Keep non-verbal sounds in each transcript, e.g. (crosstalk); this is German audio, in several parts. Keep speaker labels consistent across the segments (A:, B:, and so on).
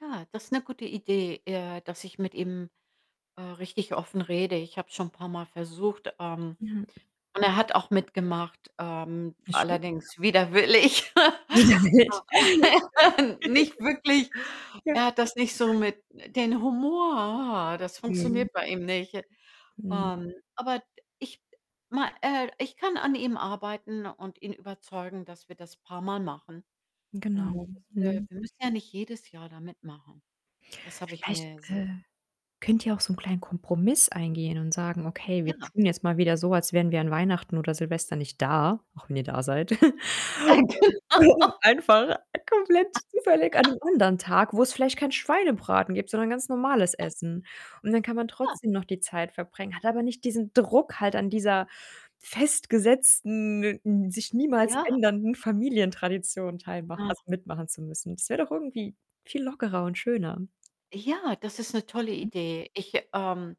A: Ja, das ist 'ne gute Idee, äh, dass ich mit ihm, äh, richtig offen rede. Ich habe es schon paarmal versucht, ähm,
B: Ja.
A: und er hat auch mitgemacht, ähm,
B: Wie schön, ja.
A: allerdings widerwillig.
B: Ja, echt. (chuckles)
A: (laughs) Nicht wirklich,
B: Ja.
A: er hat das nicht so mit den Humor, das
B: Mhm.
A: funktioniert bei ihm nicht.
B: Mhm.
A: Ähm, aber ich ma äh, ich kann an ihm arbeiten und ihn überzeugen, dass wir das paarmal machen. Und,
B: Genau,
A: (unintelligible) äh,
B: mhm.
A: wir müssen ja nicht jedes Jahr da mitmachen. Das habe ich
B: Vielleicht,
A: mir ja
B: äh,
A: selber
B: könnt ihr auch so 'nen kleinen Kompromiss eingehen und sagen: „Okay, wir
A: Ja.
B: tun jetzt mal wieder so, als wären wir an Weihnachten oder Silvester nicht da“, auch wenn ihr da seid.
A: Äh,
B: (snorts) Und,
A: genau.
B: (snorts) um einfach komplett zufällig an
A: (laughs)
B: 'nem anderen Tag, wo's vielleicht keinen Schweinebraten gibt, sondern ganz normales
A: (snorts)
B: Essen. Und dann kann man
A: Ja.
B: trotzdem noch die Zeit verbringen, hat aber nicht diesen Druck halt an dieser festgesetzten, n sich niemals
A: Ja.
B: ändernden Familientradition teilmach
A: Ah.
B: also, mitmachen zu müssen. Das wäre doch irgendwie viel lockerer und schöner.
A: Ja, das ist 'ne tolle
B: Hm.
A: Idee. Ich, ähm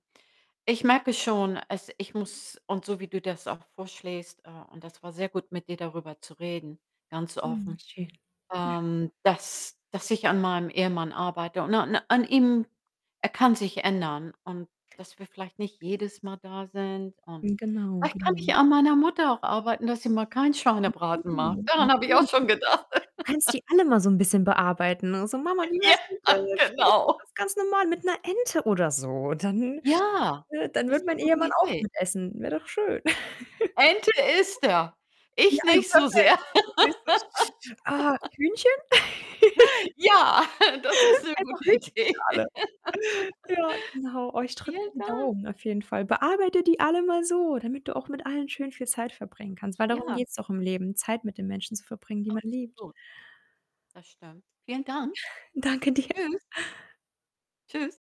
A: ich merke schon, es ich muss und so wie du das auch vorschlägst, äh, und das war sehr gut, mit dir darüber zu reden, ganz
B: Mhm,
A: offen,
B: schön.
A: ähm, dass dass ich an meinem Ehemann arbeite und an an ihm er kann sich ändern und dass wir vielleicht nicht jedes Mal da sind. Und
B: Hm, genau,
A: vielleicht kann ich
B: genau.
A: an meiner Mutter auch arbeiten, dass sie mal keinen
B: (unintelligible)
A: Schweinebraten macht. Daran habe ich auch schon gedacht.
B: Du kannst
A: (laughs)
B: die alle mal so 'n bisschen bearbeiten und so: „Mama, wie wär's denn
A: Ja,
B: (unintelligible) vielleicht
A: genau.
B: ganz normal mit 'ner Ente oder so?“ Dann
A: Ja,
B: äh, dann
A: das
B: würde
A: ist 'ne
B: mein
A: gute
B: Ehemann auch
A: Idee.
B: mitessen, wäre doch schön.
A: Ente isst er.
B: (chuckles)
A: Ich
B: Ja, äh,
A: nicht so
B: perfekt.
A: sehr.
B: (unintelligible) Ah,
A: (laughs)
B: Hühnchen? (chuckles)
A: Ja, (laughs) das ist 'ne
B: Einfach
A: gute
B: Hühnchen für
A: Idee.
B: alle. Ja, genau. Oh,
A: (laughs)
B: ich drücke
A: Vielen
B: die
A: Dank.
B: Daumen auf jeden Fall. Bearbeite die alle mal so, damit du auch mit allen schön viel Zeit bringen kannst, weil darum
A: Ja.
B: geht's doch im Leben, Zeit mit den Menschen zu verbringen, die man liebt.
A: Absolut. Das stimmt. Vielen Dank.
B: Danke dir.
A: Tschüss. Tschüss.